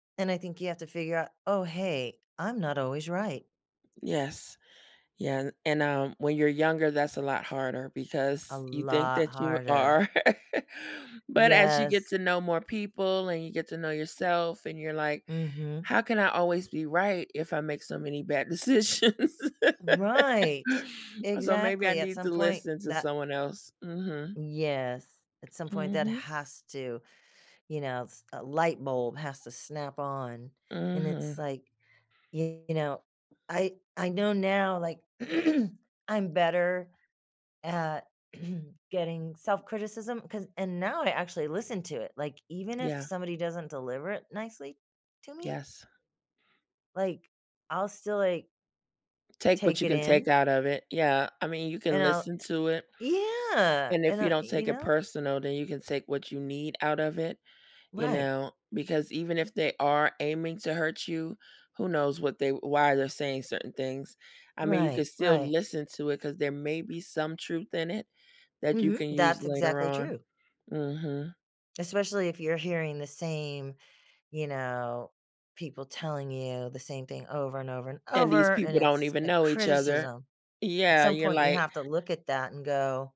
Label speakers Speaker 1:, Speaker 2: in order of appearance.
Speaker 1: And I think you have to figure out, "Oh, hey, I'm not always right."
Speaker 2: Yes. Yeah and, um, when you're younger that's a lot harder
Speaker 1: A
Speaker 2: because you think
Speaker 1: lot
Speaker 2: that you
Speaker 1: harder.
Speaker 2: are, but as you get
Speaker 1: Yes.
Speaker 2: to know more people, and you get to know yourself and you're like,
Speaker 1: Mhm.
Speaker 2: "How can I always be right if I make so many bad decisions?"
Speaker 1: Right,
Speaker 2: So, maybe I
Speaker 1: exactly, at
Speaker 2: need
Speaker 1: some
Speaker 2: to
Speaker 1: point
Speaker 2: listen to
Speaker 1: that
Speaker 2: someone else Mhm.
Speaker 1: Yes, at some point that
Speaker 2: Mhm.
Speaker 1: has to, you knows a light bulb has to snap on, and it's
Speaker 2: Mhm.
Speaker 1: like, you know I I know now, like, I'm better at getting self-criticism, 'cause and now I actually listen to it, like, even if
Speaker 2: Yeah.
Speaker 1: somebody doesn't deliver it nicely to me
Speaker 2: Yes.
Speaker 1: like, I'll still, like
Speaker 2: Take what
Speaker 1: take
Speaker 2: you
Speaker 1: it
Speaker 2: can take
Speaker 1: in
Speaker 2: out of it, yeah. I mean, you
Speaker 1: and
Speaker 2: can
Speaker 1: I'll,
Speaker 2: listen
Speaker 1: uh
Speaker 2: to it
Speaker 1: Yeah,
Speaker 2: and
Speaker 1: and
Speaker 2: if you
Speaker 1: I
Speaker 2: don't
Speaker 1: you
Speaker 2: take it
Speaker 1: know?
Speaker 2: personal, then you can take what you need out of it, you
Speaker 1: Right.
Speaker 2: know, because even if they are aiming to hurt you, who knows what they why they're saying certain things. I mean, you could
Speaker 1: Right,
Speaker 2: still
Speaker 1: right.
Speaker 2: listen to it, 'cause there may be some truth in it that you
Speaker 1: Mhm,
Speaker 2: can use
Speaker 1: that's
Speaker 2: later
Speaker 1: exactly
Speaker 2: on.
Speaker 1: true.
Speaker 2: Mhm.
Speaker 1: Especially if you're hearing the same, you know, people telling you the same thing over and over and
Speaker 2: And these
Speaker 1: over, and
Speaker 2: people don't
Speaker 1: it's
Speaker 2: even
Speaker 1: a
Speaker 2: know each other.
Speaker 1: criticism. At
Speaker 2: Yeah,
Speaker 1: some
Speaker 2: you're
Speaker 1: point you
Speaker 2: like
Speaker 1: have to look at that and go